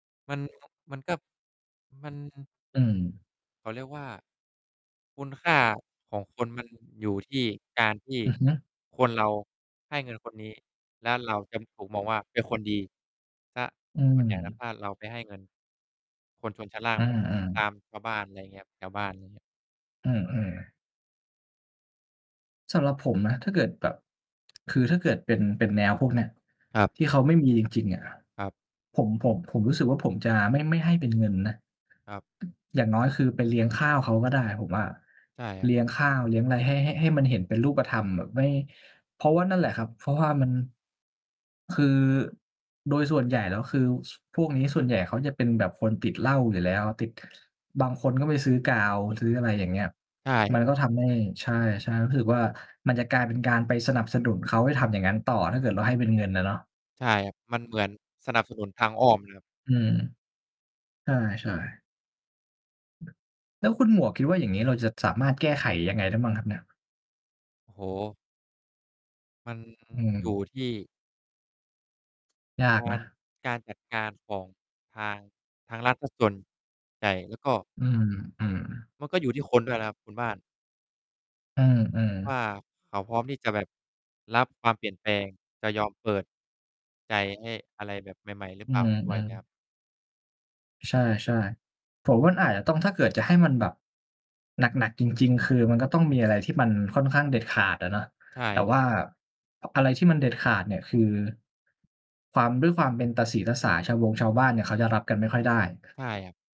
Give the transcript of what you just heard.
มัน มันก็ มัน อืม เขาเรียกว่า คุณค่าของคน มันอยู่ที่ การที่ อือฮึ คนเรา ให้เงินคนนี้ และเราจะถูกมองว่าเป็นคนดี เสีย อืส่วนใหญ่แล้ว ถม ้าเราไปให้เงิน คนชนชั้นล่าง อแบบ า ตๆ ามชาวบ้าน อะไรเงี้ย แถวบ้านอย่างเงี้ย เออ ๆ สำหรับผมนะ ถ้าเกิดแบบ คือถ้าเกิดเป็น เป็นแนวพวกเนี้ย ครับ ที่เขาไม่มีจริง ๆ อะ ครับ ผม ผม ผมรู้สึกว่าผมจะไม่ ไม่ให้เป็นเงินนะ ครับ อย่างน้อยคือไปเลี้ยงข้าวเขาก็ได้ผมว่า ใช่ครัเลบ ี้ยงข้าวเลี้ยงอะไรให้ ให้ ให้มันเห็นเป็นรูปธรรมแบบไม่ เพราะว่านั่นแหละครับ เพราะว่ามัน คือ โดยส่วนใหญ่แล้ว คือ ส พวกนี้ส่วนใหญ่ เขาจะเป็นแบบคนติดเหล้าอยู่แล้ว ติด บางคนก็ไปซื้อกาวซื้อ อะไรอย่างเงี้ย ใช่ มันก็ทำให้ ใช่ ๆ รู้สึกว่ามันจะกลายเป็นการไปสนับสนุนเขาให้ทำอย่างงั้นต่อ ถ้าเกิดเราให้เป็นเงินน่ะเนาะ ใช่ครับ มันเหมือนสนับสนุนทางอ้อม เลยครับ อืม ใช่ ๆ แล้วคุณหมวกคิดว่าอย่างงี้ เราจะสามารถแก้ไขยังไงได้บ้างครับเนี่ย? โอ้โฮ! มัน อือยู่อ ที่ ยากกานร ะ การจัดการของ ทาง ทางรัฐเสียส่วน ใหญ่ แล้วก็ อืม อืม มันก็อยู่ที่คนด้วยนะครับคุณบ้าน อือ วๆ ่า เขาพร้อมที่จะแบบ รับความเปลี่ยนแปลง จะยอมเปิด ใจให้อะไรแบบใหม่ ๆ หรืออืเปล่าด้วยม นะคๆ รับ ใช่ ๆ ผมว่าอาจจะต้อง ถ้าเกิดจะให้มันแบบ หนัก ๆ จริง ๆ คือมันก็ต้องมีอะไรที่มันค่อนข้างเด็ดขาดอะเนาะ ใชแต่่ ว่า อะไรที่มันเด็ดขาดเนี่ย คือ ความ ด้วยความเป็นตาสีตาสา ชาวบงชาวบ้านเนี่ย เขาจะรับกันไม่ค่อยได้ ใช่ครับ